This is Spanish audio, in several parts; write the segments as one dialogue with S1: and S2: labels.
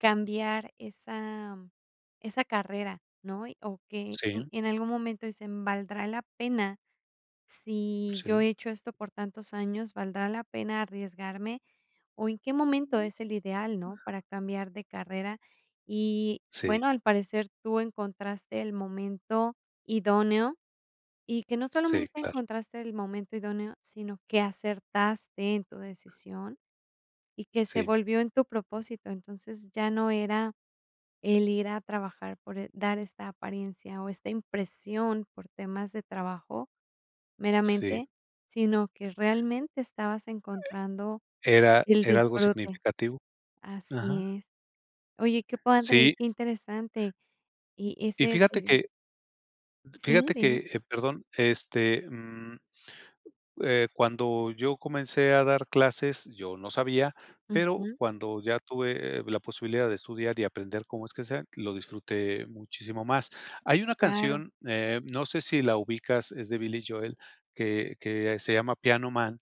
S1: Cambiar esa esa carrera, ¿no? Y o que
S2: Sí.
S1: y en algún momento dicen: "¿Valdrá la pena? Si yo
S2: Sí.
S1: he hecho esto por tantos años, ¿valdrá la pena arriesgarme, o, en qué momento es el ideal, no, para cambiar de carrera?". Y
S2: Sí.
S1: bueno, al parecer tú encontraste el momento idóneo, y que no
S2: Sí,
S1: solamente
S2: claro.
S1: encontraste el momento idóneo, sino que acertaste en tu decisión, y que se
S2: Sí.
S1: volvió en tu propósito. Entonces, ya no era el ir a trabajar por e dar esta apariencia, o, esta impresión por temas de trabajo
S2: Sí.
S1: meramente, sino, que realmente estabas encontrando
S2: Era
S1: el
S2: era algo
S1: disfrute
S2: significativo,
S1: Así
S2: ajá.
S1: es. Oye, qué padre y
S2: Sí.
S1: qué interesante. Y
S2: Y
S1: ese
S2: fíjate
S1: sería
S2: que
S1: sí,
S2: fijate que,
S1: dime.
S2: eh, perdón, este, mm, eh, cuando yo comencé a dar clases, yo no sabía, pero
S1: Ujú.
S2: cuando ya tuve, eh-eh, la posibilidad de estudiar, y aprender cómo es que sea, lo disfruté muchísimo más. Hay una
S1: Claro.
S2: canción, eh, no sé si la ubicas, es de Billy Joel, que que se llama Piano Man,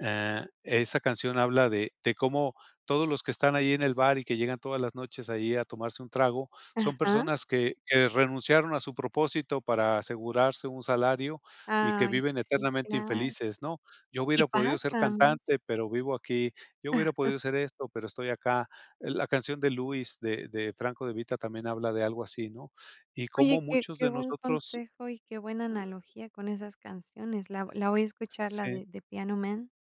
S2: ah, esa canción habla de de cómo todos los que están ahí en el bar, y que llegan todas las noches ahí a tomarse un trago, son
S1: Ajá.
S2: personas que que renunciaron a su propósito para asegurarse un salario, y que
S1: Ay,
S2: viven
S1: sí,
S2: eternamente
S1: claro.
S2: infelices, ¿no? "Yo
S1: Y
S2: hubiera podido ser
S1: pasa mucho.
S2: cantante, pero vivo aquí, yo hubiera podido ser esto, pero estoy acá". Eh, la canción de Louis, de de Franco de Vita, también habla de algo así, ¿no? Y cómo
S1: Oye, qué
S2: muchos
S1: qué
S2: de
S1: buen
S2: nosotros
S1: consejo, y qué buena analogía con esas canciones, la la voy a escuchar la
S2: Sí.
S1: de The Piano Man.